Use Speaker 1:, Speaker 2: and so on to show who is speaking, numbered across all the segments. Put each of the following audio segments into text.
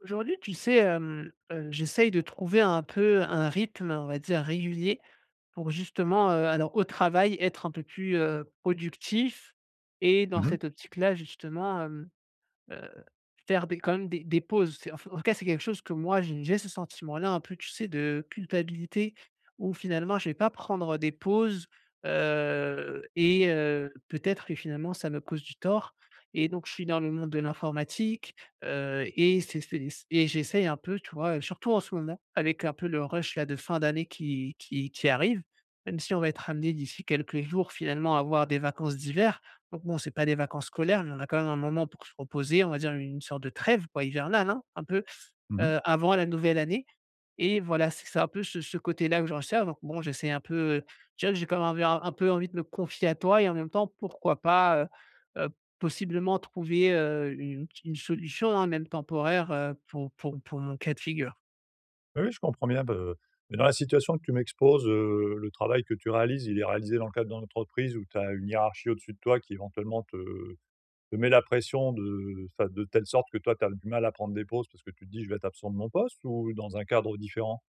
Speaker 1: Aujourd'hui, tu sais, hem, heu, j'essaie de trouver un peu un rythme, on va dire régulier pour justement, heu, alors au travail, être un peu plus, heu, productif et dans
Speaker 2: Mmh mh.
Speaker 1: cette optique-là justement, hem, heu, faire des quand même des des pauses. C'est en f en tout cas, c'est quelque chose que moi j'ai j'ai ce sentiment-là, un peu, tu sais, de culpabilité où finalement, je vais pas prendre, heu, des pauses, heu et heu, peut-être que finalement ça me cause du tort et donc je suis dans le monde de l'informatique, heu et c'est c'est s et j'essaie un peu, tu vois, heu, surtout en ce moment avec un peu le rush, là, de fin d'année qui qui qui arrive, même si on va être amené d'ici quelques jours finalement à avoir des vacances d'hiver. Donc bon, c'est pas des vacances scolaires, mais on a quand même un moment pour se reposer, on va dire une sorte de trêve, quoi, hivernale, hein, un peu,
Speaker 2: Mmh mh.
Speaker 1: heu, avant la nouvelle année et voilà, c c'est un peu ce ce côté-là que je recherche, donc bon j'essaie un peu, heu, je dirai que j'ai quand même envie un un peu envie de me confier à toi et en même temps pourquoi pas, heu heu, possiblement trouver, heu, une ti une solution, hein, même temporaire, heu, pour pour pour mon cas de figure.
Speaker 2: Oui, oui, je comprends bien be mais dans la situation que tu m'exposes, heu, le travail que tu réalises, il est réalisé dans le cadre dans l'entreprise où tu as une hiérarchie au-dessus de toi qui, éventuellement, te, heu, te met la pression de, heu, enfin, de telle sorte que toi tu as du mal à prendre des pauses parce que tu te dis: «Je vais être absent de mon poste» ou dans un cadre différent?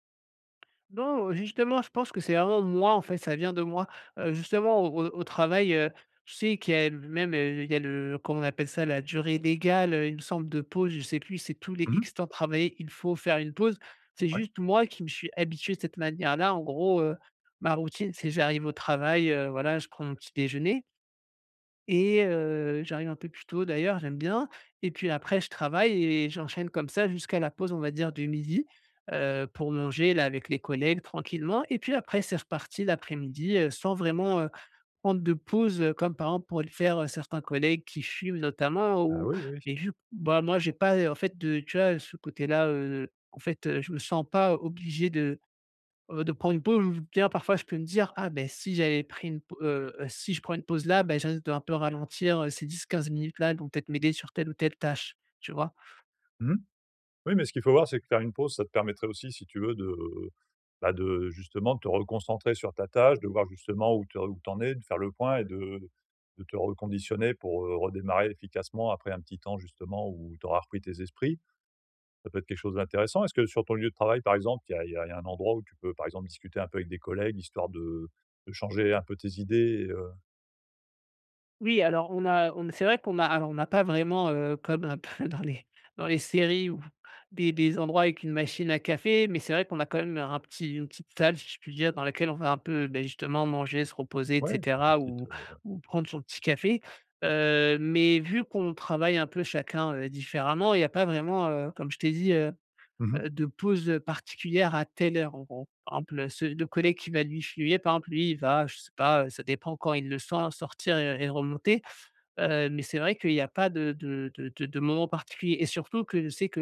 Speaker 1: Non, heu, justement, je pense que c'est vraiment moi, en fait, ça vient de moi. Heu, justement au au au travail, heu, je sais qu'il y a le même il y a le, comment on appelle ça? La durée légale, heu, il me semble, de pause. Je sais plus. C'est tous les
Speaker 2: Mmh mh.
Speaker 1: X temps travaillés, il faut faire une pause. C'est
Speaker 2: Ouais.
Speaker 1: juste moi qui me suis habitué de cette manière-là. En gros, heu, ma routine, c'est, j'arrive au travail, heu, voilà, je prends mon petit-déjeuner et heu, j'arrive un peu plus tôt d'ailleurs, j'aime bien. Et puis après je travaille et j'enchaîne comme ça jusqu'à la pause, on va dire, du midi, heu, pour manger, là, avec les collègues tranquillement et puis après c'est reparti l'après-midi, heu, sans vraiment, heu, prendre de pause, heu, comme, par exemple, pourraient le faire certains collègues qui fument notamment
Speaker 2: Ah
Speaker 1: ou
Speaker 2: oui, oui.
Speaker 1: et vu que bah moi j'ai pas, heu, en fait de, tu vois? Ce côté-là, heu, en fait, je me sens pas obligé de, heu, de prendre une pause ou bien parfois je peux me dire: «Ah beh, si j'avais pris une p heu, si je prends une pause là, bah je risque d'un peu ralentir, heu. Ces 10-15 minutes-là, elles vont peut-être m'aider sur telle ou telle tâche», tu vois?
Speaker 2: Mmh mh. Oui, mais ce qu'il faut voir c'est que faire une pause, ça te permettrait aussi si tu veux de, heu, bah de justement te reconcentrer sur ta tâche, de voir justement où tu où tu en est? De faire le point et de de te reconditionner pour, heu, redémarrer efficacement après un petit temps justement où tu auras repris tes esprits. Ça peut être quelque chose d'intéressant. Est-ce que sur ton lieu de travail, par exemple, il y a il y a il y a un endroit où tu peux, par exemple, discuter un peu avec des collègues, histoire de, heu, de changer un peu tes idées et heu
Speaker 1: Oui, alors on a on c'est vrai qu'on a alors on a pas vraiment, heu, comme un peu, dans les dans les séries ou des des endroits avec une machine à café mais c'est vrai qu'on a quand même un petit une petite salle, si je puis dire, dans laquelle on va un peu, beh, justement manger, se reposer et
Speaker 2: Ouais, ben, une
Speaker 1: cetera
Speaker 2: petite
Speaker 1: ou
Speaker 2: heu
Speaker 1: ou prendre son petit café. Heu, mais vu qu'on travaille un peu chacun, heu, différemment, il y a pas vraiment, heu, comme je t'ai dit, heu
Speaker 2: Mmh mh.
Speaker 1: heu, de pause, heu, particulière à telle heure en gros. Par exemple, ce le collègue qui va lui fuyez, par exemple, lui il va je sais pas ça dépend quand il le sent sortir et et remonter, heu, mais c'est vrai qu'il y a pas de de de de de moment particuliers, et surtout que je sais que,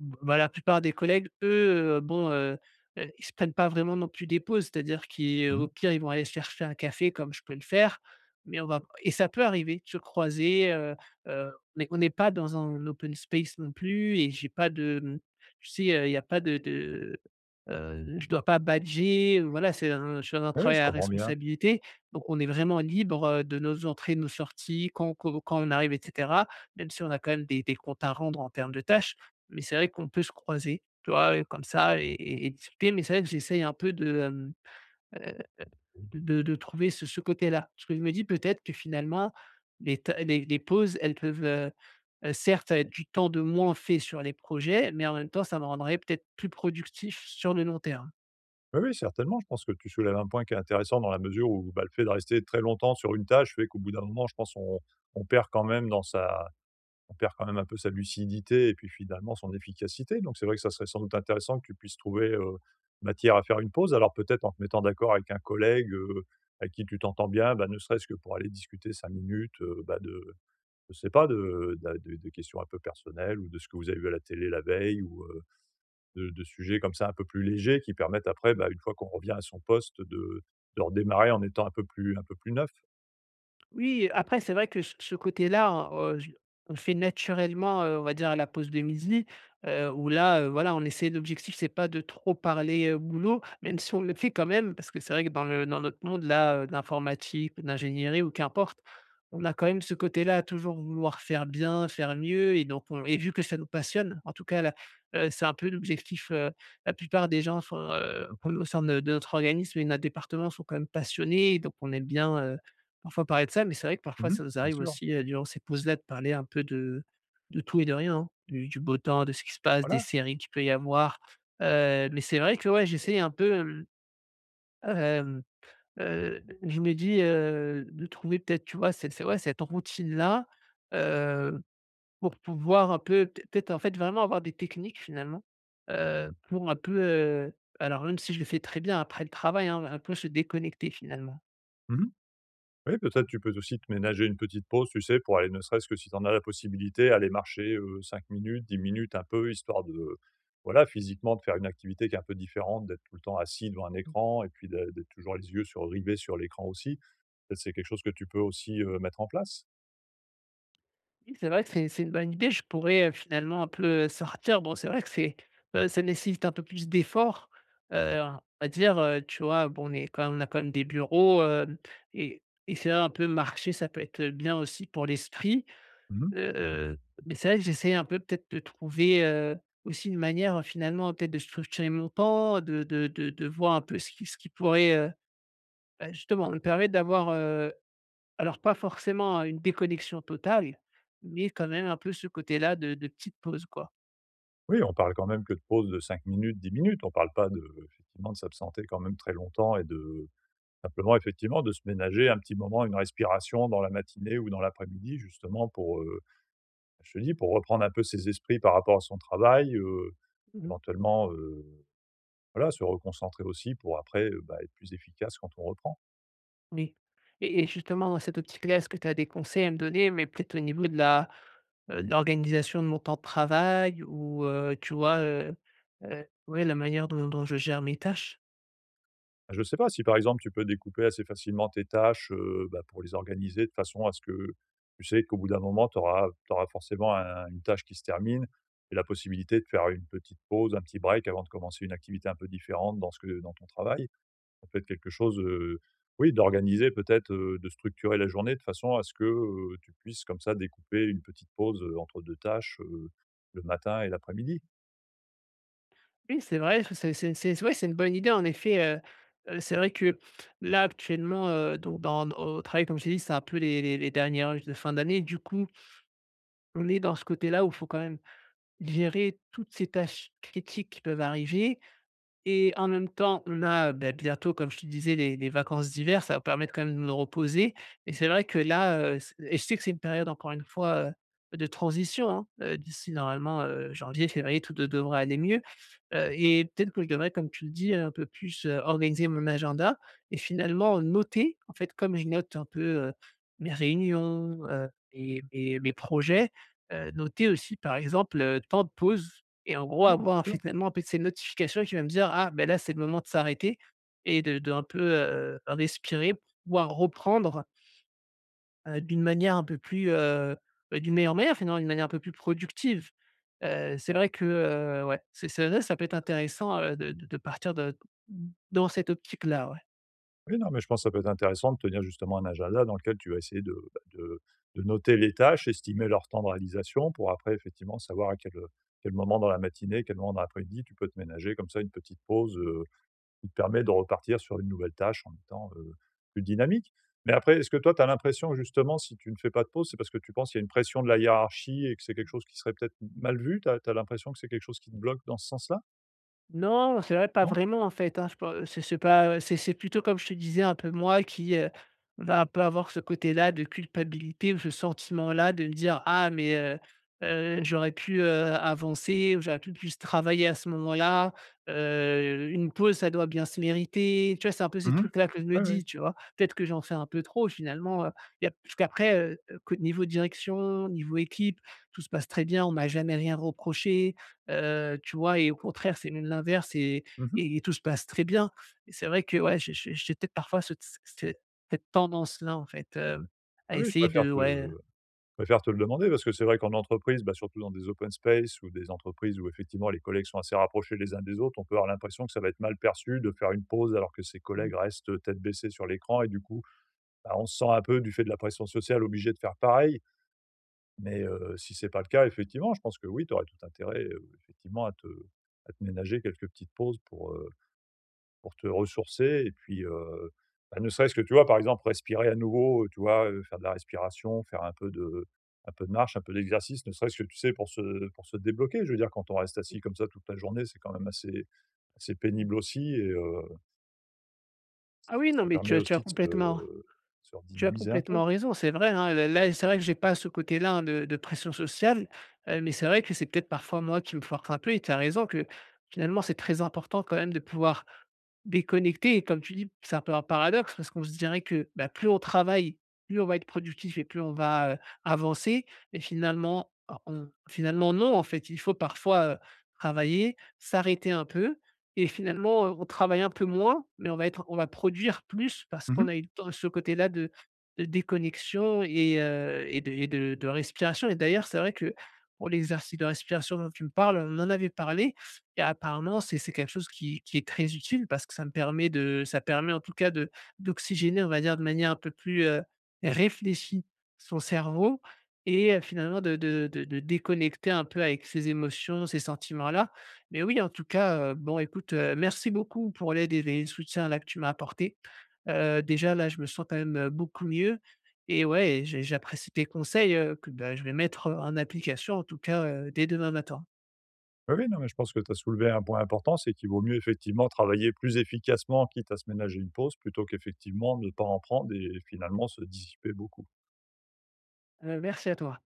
Speaker 1: b bah, la plupart des collègues eux, bon, heu heu ils se prennent pas vraiment non plus des pauses. C'est-à-dire qu'ils
Speaker 2: Mmh
Speaker 1: au
Speaker 2: mh.
Speaker 1: pire ils vont aller se chercher un café comme je peux le faire mais on va et ça peut arriver de se croiser, heu heu, mais on est pas dans un open space non plus et j'ai pas de mmh, tu sais? Heu, il y a pas de de heu, je dois pas badger, heu. Voilà c'est un je suis dans un
Speaker 2: Ouais, ouais.
Speaker 1: travail
Speaker 2: Je
Speaker 1: à
Speaker 2: comprends bien.
Speaker 1: responsabilité donc on est vraiment libre, heu, de nos entrées de nos sorties, quand co quand on arrive et cetera. Même si on a quand même des des comptes à rendre en termes de tâches, mais c'est vrai qu'on peut se croiser, tu vois? Et comme ça et et discuter mais c'est vrai que j'essaie un peu de, hem, heu, de de de trouver ce ce côté-là parce que, je me dis: «Peut-être que finalement les ta les les pauses elles peuvent heu heu, certes ça va être du temps de moins fait sur les projets mais en même temps ça me rendrait peut-être plus productif sur le long terme».
Speaker 2: Oui, oui, certainement. Je pense que tu soulèves un point qui est intéressant dans la mesure où, bah, le fait de rester très longtemps sur une tâche fait qu'au bout d'un moment, je pense, on on perd quand même dans sa on perd quand même un peu de sa lucidité et puis finalement son efficacité. Donc c'est vrai que ça serait sans doute intéressant que tu puisses trouver, heu, matière à faire une pause. Alors, peut-être en te mettant d'accord avec un collègue, heu, avec qui tu t'entends bien. Bah, ne serait-ce que pour aller discuter 5 minutes, heu, bah, de je sais pas, de de de de questions un peu personnelles, ou de ce que vous avez vu à la télé la veille ou, heu, de de sujets comme ça, un peu plus légers, qui permettent après, bah,
Speaker 1: Mmh.
Speaker 2: une fois qu'on revient à son poste, de de redémarrer en étant un peu plus un peu plus neuf.
Speaker 1: Oui, après, c'est vrai que c ce côté-là, heu, o on le fait naturellement, heu, on va dire à la pause de midi, heu, où là, heu, voilà, on essaie l'objectif, c'est pas de trop parler, heu, boulot, même si on le fait quand même parce que c'est vrai que dans le dans notre monde, là, de l'informatique, ou de l'ingénierie ou qu'importe, on a quand même ce côté-là, à toujours vouloir faire bien, faire mieux. Et donc on et vu que ça nous passionne, en tout cas là, heu, c'est un peu l'objectif. Heu, la plupart des gens sont, heu, p au sein de notre organisme et notre département sont quand même passionnés, donc on aime bien, heu, parfois parler de ça. Mais c'est vrai que parfois,
Speaker 2: Mmh mh,
Speaker 1: ça nous
Speaker 2: bien
Speaker 1: arrive
Speaker 2: sûr.
Speaker 1: aussi, heu, durant ces pauses-là, de parler un peu de de tout et de rien, hein, du du beau temps, de ce qui se passe, des
Speaker 2: Voilà!
Speaker 1: séries qu'il peut y avoir, heu. Mais c'est vrai que, ouais, j'ai essayé un peu, hem. Hem, heu d je me dis, heu, de trouver peut-être, tu vois? Cet c ouais, cette routine-là, heu, pour pouvoir un peu peut-être peut-être, en fait, vraiment avoir des techniques, finalement, heu, pour un peu, heu alors même si je le fais très bien après le travail, hein un peu se déconnecter finalement.
Speaker 2: Mmh mh. Oui, peut-être tu peux aussi te ménager une petite pause, tu sais pour aller, ne serait-ce que si tu en a la possibilité, aller marcher, heu, 5 minutes, 10 minutes, un peu, histoire de, voilà, physiquement de faire une activité qui est un peu différente d'être tout le temps assis devant un
Speaker 1: Mmh.
Speaker 2: écran et puis de d'être toujours les yeux sur rivés sur l'écran aussi. Ça c'est quelque chose que tu peux aussi, heu, mettre en place.
Speaker 1: Oui, c'est vrai que c'est c'est une bonne idée, je pourrais, heu, finalement un peu, heu, sortir. Bon c'est vrai que c'est, heu, ça nécessite un peu plus d'effort, heu, en va dire, heu, tu vois? Bon on est quand on a quand même des bureaux, hem, et et c'est vrai un peu marcher ça peut être, heu, bien aussi pour l'esprit.
Speaker 2: Mmh mh.
Speaker 1: Heu, mais c'est vrai que j'essaie un peu, peut-être de trouver, heu, aussi une manière, heu, finalement peut-être de structurer mon temps de de de de voir un peu ce qui ce qui pourrait, heu, bah, justement me permet d'avoir, heu, alors pas forcément une déconnexion totale, mais quand même un peu ce côté là de de petite pause, quoi.
Speaker 2: Oui, on parle quand même que de pause de 5 minutes, 10 minutes, on parle pas de, effectivement, de s'absenter quand même très longtemps et de simplement effectivement de se ménager un petit moment, une respiration dans la matinée ou dans l'après-midi justement pour, heu, bah, je te dis: «Pour reprendre un peu ses esprits par rapport à son travail», heu,
Speaker 1: Mmh mh.
Speaker 2: éventuellement, heu, voilà, se reconcentrer aussi pour après, heu, bah, être plus efficace quand on reprend.
Speaker 1: N et et et justement dans cette optique-là, est-ce que tu as des conseils à me donner, mais peut-être au niveau de la heu, de l'organisation de mon temps de travail, ou, heu, tu vois? Heu, heu, ouais, la manière dont dont je gère mes tâches?
Speaker 2: Je sais pas, si par exemple tu peux découper assez facilement tes tâches, heu, bah, pour les organiser de façon à ce que tu sais, qu'au bout d'un moment, tu auras tu auras forcément un une tâche qui se termine et la possibilité de faire une petite pause, un petit break avant de commencer une activité un peu différente dans ce que dans ton travail. Ça peut être quelque chose heu, oui d'organiser peut-être, heu, de structurer la journée de façon à ce que, heu, tu puisses comme ça découper une petite pause, heu, entre 2 tâches, heu, le matin et l'après-midi.
Speaker 1: Oui, c'est vrai. [unintelligible] C'est c'est c'est ouais c'est une bonne idée, en effet, heu heu, c'est vrai que, là actuellement, heu, donc, dans au travail comme je t'ai dit, c'est un peu les les les derniers rushs de fin d'année. Du coup on est dans ce côté-là où il faut quand même gérer toutes ces tâches critiques qui peuvent arriver, et en même temps, on a, heu, bah, bientôt comme je te disais les les vacances d'hiver, ça va permettre quand même de me reposer et c'est vrai que là, heu, c et je sais que c'est une période encore une fois, heu, de transition, hein. Heu, d'ici normalement, heu, janvier, février, tout de devrait aller mieux. Heu, et peut-être que je devrais comme tu le dis, heu un peu plus heu, organiser mon agenda. Et finalement noter, en fait, comme je note un peu, heu, mes réunions, heu, et et mes projets, heu, noter aussi par, exemple heu, temps de pause, et en gros
Speaker 2: Oui, bien
Speaker 1: avoir
Speaker 2: sûr.
Speaker 1: finalement après ces notifications qui va me dire: «Ah beh, là c'est le moment de s'arrêter et de de un peu heu, respirer pour pouvoir reprendre heu, d'une manière un peu plus heu, d'une meilleure manière finalement. D'une manière un peu plus productive.» Heu, c'est vrai que heu, ouais, c'est c'est vrai, ça peut être intéressant, heu, de de de partir de, d dans cette optique là, ouais.
Speaker 2: Oui non mais je pense ça peut être intéressant de tenir justement un agenda dans lequel tu vas essayer de bah de de noter les tâches, estimer leur temps de réalisation pour après effectivement savoir à quel, heu, quel moment dans la matinée, à quel moment dans l'après-midi, tu peux te ménager comme ça une petite pause, heu, qui te permet de repartir sur une nouvelle tâche en étant, heu, plus dynamique, mais après est-ce que toi tu as l'impression justement si tu ne fais pas de pause, c'est parce que tu penses il y a une pression de la hiérarchie et que c'est quelque chose qui serait peut-être m mal vu? Tu as tu as l'impression que c'est quelque chose qui te bloque dans ce sens-là?
Speaker 1: Non, c'est vrai. Pas
Speaker 2: Non?
Speaker 1: vraiment en fait, hein je peux c'est c'est pas ouais c'est c'est plutôt comme je te disais un peu moi qui, heu, va pas avoir ce côté-là de culpabilité ou ce sentiment-là de me dire: «Ah mais, heu heu, j'aurais pu, heu, avancer ou j'aurais pu plus travailler à ce moment-là, heu, une pause ça doit bien se mériter» tu vois? C'est un peu ces
Speaker 2: Mmh mh.
Speaker 1: trucs-là que je me
Speaker 2: Ouais
Speaker 1: dis
Speaker 2: ouais.
Speaker 1: dit tu vois? Peut-être que j'en fais un peu trop finalement, heu, il y a puisqu'après, heu heu, co niveau direction niveau équipe tout se passe très bien. On m'a jamais rien reproché, heu, tu vois? Et au contraire, c'est même l'inverse et
Speaker 2: Mmh mh.
Speaker 1: et tout se passe très bien et c'est vrai que ouais j'ai j'ai j'ai peut-être parfois ce tss tss ce cette tendance-là en fait, hem, à
Speaker 2: Oui oui, je
Speaker 1: essayer
Speaker 2: préfère
Speaker 1: de
Speaker 2: te
Speaker 1: ouais, heu
Speaker 2: je préfère te le demander parce que c'est vrai qu'en entreprise bah surtout dans des open spaces ou des entreprises où effectivement les collègues sont assez rapprochés les uns des autres, on peut avoir l'impression que ça va être mal perçu de faire une pause alors que ses
Speaker 1: Mmh.
Speaker 2: collègues restent tête baissée sur l'écran et du coup, bah on se sent un peu du fait de la pression sociale obligé de faire pareil, mais, heu, si c'est pas le cas effectivement je pense que oui tu aurais tout intérêt, heu, effectivement à te à te ménager quelques petites pauses pour, heu, pour te ressourcer et puis, heu, bah ne serait-ce que tu vois? Par exemple respirer à nouveau, heu, tu vois, heu, faire de la respiration, faire un peu de, heu, un peu de marche un peu d'exercice ne serait-ce que tu sais? Pour se, heu, pour se débloquer, je veux dire quand on reste
Speaker 1: Oui.
Speaker 2: assis comme ça toute la journée, c'est quand même assez assez
Speaker 1: Mmh.
Speaker 2: pénible aussi et heu
Speaker 1: Ah
Speaker 2: Bah,
Speaker 1: oui, non
Speaker 2: ça
Speaker 1: mais tu
Speaker 2: permet
Speaker 1: as tu as
Speaker 2: aussi de
Speaker 1: complètement
Speaker 2: se se
Speaker 1: tu as
Speaker 2: redynamiser un peu.
Speaker 1: complètement raison, c'est vrai, hein, là là c'est vrai que j'ai pas ce côté-là, hein, de de pression sociale, heu, mais c'est vrai que c'est peut-être parfois moi qui me force un peu et tu as raison que, finalement, c'est très important quand même de pouvoir déconnecter et, comme tu dis: «C'est un peu un paradoxe» parce qu'on se dirait que, bah, plus on travaille, plus on va être productif et plus on va, heu, avancer et, finalement or on finalement non, en fait. Il faut parfois, heu, travailler, s'arrêter un peu et finalement on travaille un peu moins mais on va être on va produire plus, parce
Speaker 2: Mmh
Speaker 1: qu'on
Speaker 2: mh.
Speaker 1: a eu le temps ce côté-là de de déconnexion et heu, et de et de de respiration. Et d'ailleurs, c'est vrai que, pour l'exercice de respiration dont tu me parles, on en avait parlé et apparemment c'est c'est quelque chose qui qui est très utile parce que ça me permet de ça permet, en tout cas de d'oxygéner on va dire, de manière un peu plus, heu, réfléchie son cerveau et heu, finalement de de de de déconnecter un peu avec ses émotions, ces sentiments-là. Mais oui, en tout cas, heu, bon écoute, heu, merci beaucoup pour l'aide et les soutiens-là que tu m'as apportés. Heu, déjà, là, je me sens quand même beaucoup mieux et ouais et j'ai j'apprécie tes conseils, heu, que, bah, je vais mettre, heu, en application, en tout cas, heu, dès demain matin.
Speaker 2: Bah, oui. Non, mais je pense que tu as soulevé un point important. C'est qu'il vaut mieux, effectivement, travailler plus efficacement quitte à se ménager une pause, plutôt qu'effectivement ne pas en prendre et finalement se dissiper beaucoup.
Speaker 1: Heu, merci à toi.